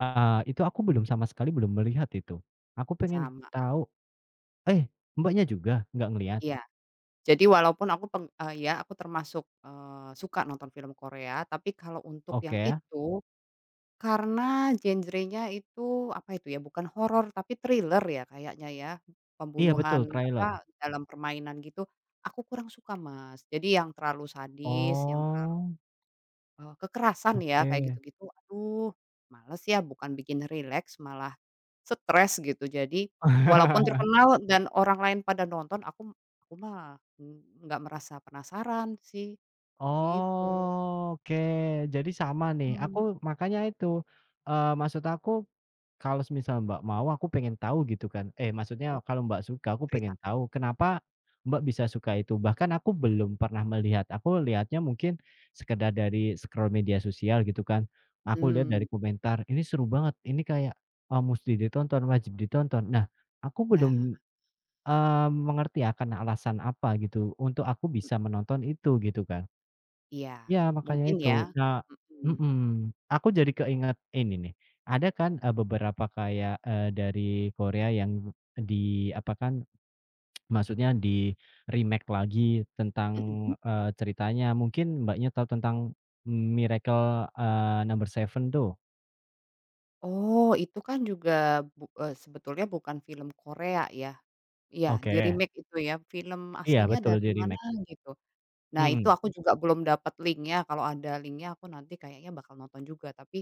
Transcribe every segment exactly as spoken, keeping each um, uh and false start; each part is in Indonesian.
Ah itu aku belum sama sekali, belum melihat itu. Aku pengen Sama. tahu eh, Mbaknya juga nggak ngelihat? Iya. Jadi, walaupun aku peng eee, iya aku termasuk, eee, suka nonton film Korea, tapi kalau untuk yang Oke. itu, karena genrenya itu, apa itu ya, bukan horor tapi thriller ya kayaknya ya. Iya Pembunuhan betul, apa, trailer dalam permainan gitu aku kurang suka Mas. Jadi, yang terlalu sadis, yang terlalu Oh. e kekerasan ya kayak Oke. gitu-gitu, aduh, malas ya. Bukan bikin rileks, malah stres gitu. Jadi, walaupun terkenal dan orang lain pada nonton, aku aku mah nggak merasa penasaran sih, gitu. Oke, jadi sama nih Mmm. aku makanya itu. Eee, maksud aku kalau semisal Mbak mau, aku pengen tahu gitu kan. Eh, Oh, maksudnya kalau Mbak suka, aku cerita. pengen tahu kenapa Mbak bisa suka itu. Bahkan aku belum pernah melihat. Aku lihatnya mungkin sekedar dari scroll media sosial gitu kan. Aku lihat dari Mmm. komentar, "Ini seru banget. Ini kayak, eee, mesti ditonton, wajib ditonton." Nah aku belum, Nah. mmm, mengerti ya karena alasan apa gitu untuk aku Mmm. bisa menonton itu, gitu kan. Iya, Ya makanya mungkin ya. itu. Nah Mhm. mhm. Aku jadi keinget ini nih. Ada kan, eee, beberapa kayak, eee, dari Korea yang di apa kan, maksudnya di-remake lagi tentang, Mhm. eee, ceritanya. Mungkin Mbaknya tahu tentang Miracle, eee, Number 7 tuh? Oh itu kan juga bu eee, sebetulnya bukan film Korea ya. Iya Oke. di-remake itu ya, film Iya aslinya betul dari mana di-remake. gitu. Nah, itu Mhm. aku juga belum dapat linknya, kalau ada linknya aku nanti kayaknya bakal nonton juga. Tapi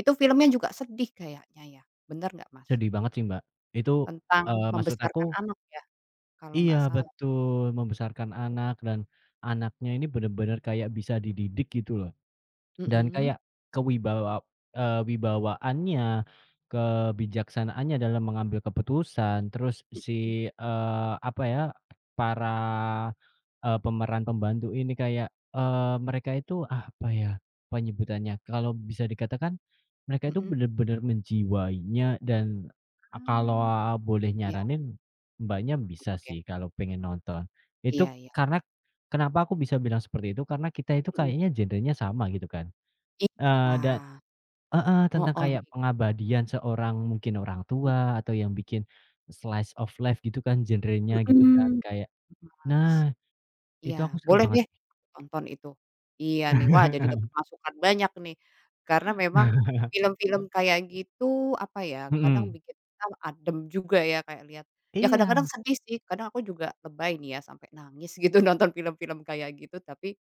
itu filmnya juga sedih kayaknya ya, benar nggak Mas? Sedih banget sih Mbak. Itu, eee, Tentang maksud aku membesarkan anak ya? Kalau Iya nggak salah. betul, membesarkan anak dan anaknya ini benar-benar kayak bisa dididik gitu loh. Dan Mhm. kayak kewibawa eee, wibawaannya, kebijaksanaannya dalam mengambil keputusan. Terus Mhm. si, eee, apa ya, para eee, pemeran pembantu ini kayak, eee, mereka itu apa ya penyebutannya. Kalau bisa dikatakan mereka itu Mhm. benar-benar menjiwainya dan kalau Mmm. boleh Iya. nyaranin, Mbaknya bisa Nonton ya. sih kalau pengen nonton. Itu Iya iya. karena kenapa aku bisa bilang seperti itu? Karena kita itu Mhm. kayaknya genrenya sama gitu kan. Eee, Iya. dan heeh Heeh. tentang kayak [unintelligible] pengabadian seorang, mungkin orang Mmm. tua, atau yang bikin slice of life gitu kan genrenya gitu, kan. Mhm. Gitu Kayak Mas. nah, Iya itu aku seru boleh banget. deh nonton itu. Iya nih. Wah jadi dapat masukan banyak nih. Karena memang film-film kayak gitu, apa ya, kadang Mhm. bikin kita adem juga ya kayak lihat ya kadang-kadang Iya! sedih sih, kadang aku juga lebay nih ya, sampai nangis gitu nonton film-film kayak gitu tapi